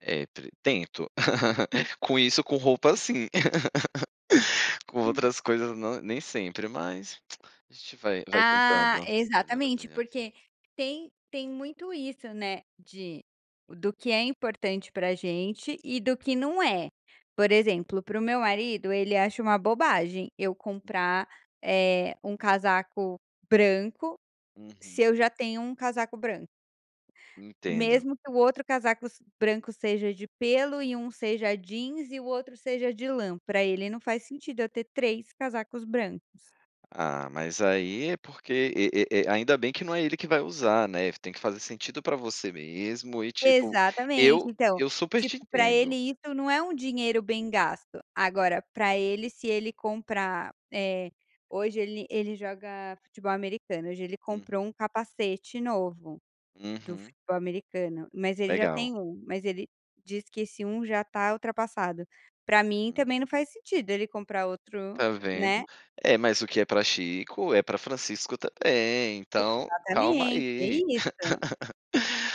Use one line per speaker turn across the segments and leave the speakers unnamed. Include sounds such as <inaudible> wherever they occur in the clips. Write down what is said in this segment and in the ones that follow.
É, tre tento. <chuckles> Com isso com roupa,
Hum.
sim. <laughs> Com
Hum.
outras coisas não nem sempre, mas a gente vai vai
Ah,
tentando melhorar
exatamente,
também.
porque tem tem muito isso, né, de do que é importante pra gente e do que não é. Por exemplo para o meu marido ele acha uma bobagem eu comprar, eh, um casaco branco se
Uhum.
eu já tenho um casaco branco
Entendo.
mesmo que o outro casaco se branco seja de pêlo e um seja jeans e o outro seja de lã, pra ele não faz sentido eu ter 3 casacos brancos.
Ah, mas aí é porque e e e ainda bem que não é ele que vai usar, né, tem que fazer sentido para você mesmo e tipo,
Exatamente
eu
então,
eu super
tipo
te
pra ele
entendo.
isso não é um dinheiro bem gasto. Agora para ele se ele comprar. Eh, hoje ele ele joga futebol americano, hoje ele
Uhum.
comprou um capacete novo do
Uhum.
futebol americano, mas ele já
Legal.
tem 1 mas ele diz que esse 1 já tá ultrapassado. Pra mim
Hum.
também não faz sentido ele comprar outro,
Tá vendo?
né.
É mas o que é para Chico é para Francisco também então, calma
Exatamente, é
aí.
isso.
<giggles>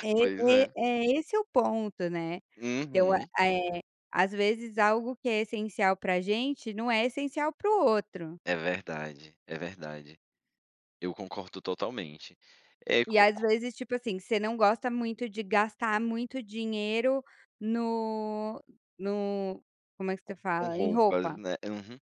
É
Pois
é
é.
é esse o ponto, né. Então,
Uhum.
eh, às vezes algo que é essencial pra gente não é essencial para o outro.
É verdade, é verdade. Eu concordo totalmente. Eh,
E
com
às
com
vezes tipo assim, você não gosta muito de gastar muito dinheiro n no como é que se
Co com
fala? Em roupa.
roupas, né. Uhum.